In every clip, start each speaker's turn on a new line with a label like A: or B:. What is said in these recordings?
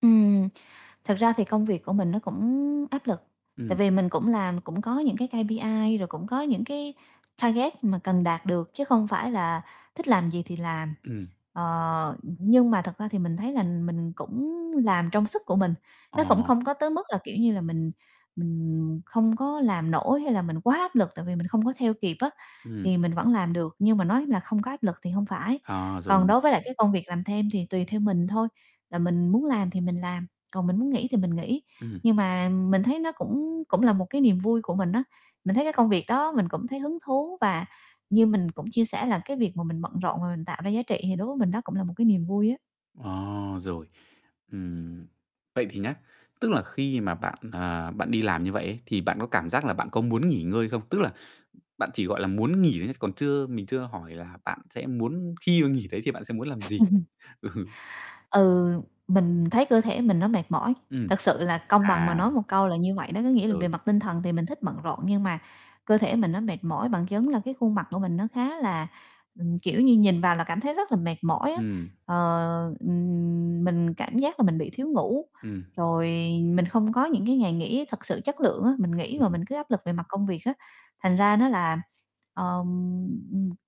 A: Ừm, thật ra thì công việc của mình nó cũng áp lực, tại
B: Ừm.
A: vì mình cũng làm cũng có những cái KPI, rồi cũng có những cái target mà cần đạt được chứ không phải là thích làm gì thì làm.
B: Ừm.
A: Ờ, nhưng mà thật ra thì mình thấy là mình cũng làm trong sức của mình, nó cũng không
B: À.
A: có tới mức là, kiểu như là, mình mình không có làm nổi hay là mình quá áp lực tại vì mình không có theo kịp á,
B: Ừm.
A: thì mình vẫn làm được nhưng mà nói là không có áp lực thì hông phải.
B: À,
A: Còn
B: rồi
A: đối với lại
B: [unintelligible]
A: cái công việc làm thêm thì tùy theo mình thôi, là mình muốn làm thì mình làm, còn mình muốn nghỉ thì mình nghỉ,
B: Ừm.
A: nhưng mà mình thấy nó cũng cũng là một cái niềm vui của mình á. Mình thấy cái công việc đó mình cũng thấy hứng thú và như mình cũng chia sẻ là cái việc mà mình bận rộn và mình tạo ra giá trị thì đối với mình đó cũng là một cái niềm vui á.
B: À, rồi. Ừm, vậy thì nhá, tức là khi mà bạn, à, bạn đi làm như vậy ấy thì bạn có cảm giác là bạn có muốn nghỉ ngơi không? Tức là, bạn chỉ, gọi là, muốn nghỉ nhé, còn chưa mình chưa hỏi là bạn sẽ muốn khi mà nghỉ đấy thì bạn sẽ muốn làm gì? Ừ.
A: Ừ, mình thấy cơ thể mình nó mệt mỏi,
B: Ừm,
A: thật sự là công bằng mà
B: à.
A: nói một câu là như vậy đó. Có nghĩa là về
B: Rồi.
A: mặt tinh thần thì mình thích bận rộn, nhưng mà cơ thể mình nó mệt mỏi. Bằng chứng là cái khuôn mặt của mình nó khá là ừm, kiểu như, nhìn vào là cảm thấy rất là mệt mỏi á.
B: Ừm.
A: Ờ, ừm, mình cảm giác là mình bị thiếu ngủ,
B: Ừm.
A: rồi, mình không có những cái ngày nghỉ thật sự chất lượng á, mình nghỉ mà
B: Ừm.
A: mình cứ áp lực về mặt công việc á, thành ra nó là, ờm,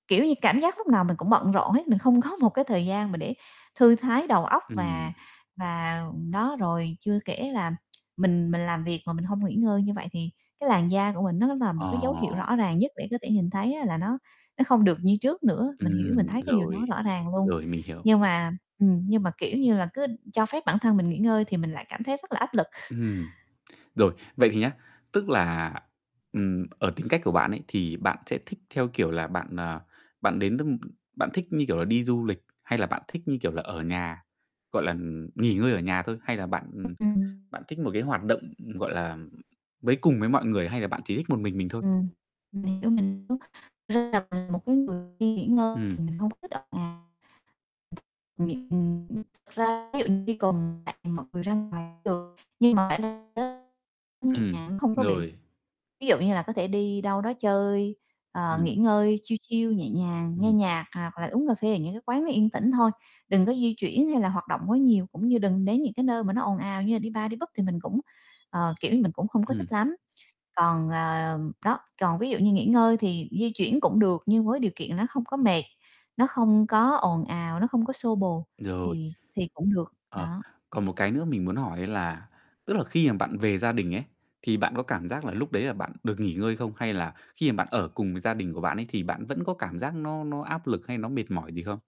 A: kiểu như, cảm giác lúc nào mình cũng bận rộn hết, mình không có một cái thời gian mà để thư thái đầu óc,
B: Ừm.
A: và và đó, rồi chưa kể là mình mình làm việc mà mình hông nghỉ ngơi như vậy thì cái làn da của mình nó là một cái dấu
B: Ờ.
A: hiệu rõ ràng nhất để có thể nhìn thấy á là nó nó không được như trước nữa, mình hiểu, mình
B: Ừm,
A: thấy cái điều đó
B: rồi,
A: rõ ràng luôn.
B: rồi, mình hiểu.
A: Nhưng mà ừm, nhưng mà, kiểu như là, cứ cho phép bản thân mình nghỉ ngơi thì mình lại cảm thấy rất là áp lực.
B: Ừm, rồi, vậy thì nhá, tức là, ừm, ở tính cách của bạn ấy thì bạn sẽ thích theo, kiểu là, bạn, à, bạn đến những bạn thích như, kiểu là, đi du lịch hay là bạn thích như, kiểu là, ở nhà, gọi là, ừm, nghỉ ngơi ở nhà thôi? Hay là bạn
A: [unintelligible]
B: bạn thích một cái hoạt động, gọi là, với cùng với mọi người hay là bạn chỉ thích một mình mình thôi?
A: Ừm, mình hiểu, mình hiểu. [unintelligible] một cái người đi nghỉ ngơi
B: Ừm.
A: thì mình không thích. À, [unintelligible] thật ra ví dụ như cùng [unintelligible] mọi người ra ngoài cũng được nhưng mà [unintelligible] nhẹ
B: Ừm,
A: nhàng không có bị
B: rồi.
A: ví dụ như là có thể đi đâu đó chơi, ờ,
B: Ừm.
A: nghỉ ngơi chill chill nhẹ nhàng, nghe
B: Ừm.
A: nhạc hoặc là uống cà phê ở những cái quán nó yên tĩnh thôi, đừng có di chuyển hay là hoạt động quá nhiều cũng như đừng đến những cái nơi mà nó ồn ào như là đi bar đi pub thì mình cũng, ờ, kiểu như, mình cũng không có
B: Ừm.
A: thích lắm. Còn, ờ đó, còn ví dụ như nghỉ ngơi thì di chuyển cũng được nhưng với điều kiện nó không có mệt, nó không có ồn ào, nó không có xô bồ
B: Rồi.
A: thì thì cũng được,
B: Ờ,
A: đó.
B: còn một cái nữa mình muốn hỏi á là, tức là khi mà bạn về gia đình ấy, thì bạn có cảm giác là lúc đấy là bạn được nghỉ ngơi không? Hay là khi mà bạn ở cùng với gia đình của bạn ấy, thì bạn vẫn có cảm giác nó nó áp lực hay nó mệt mỏi gì không?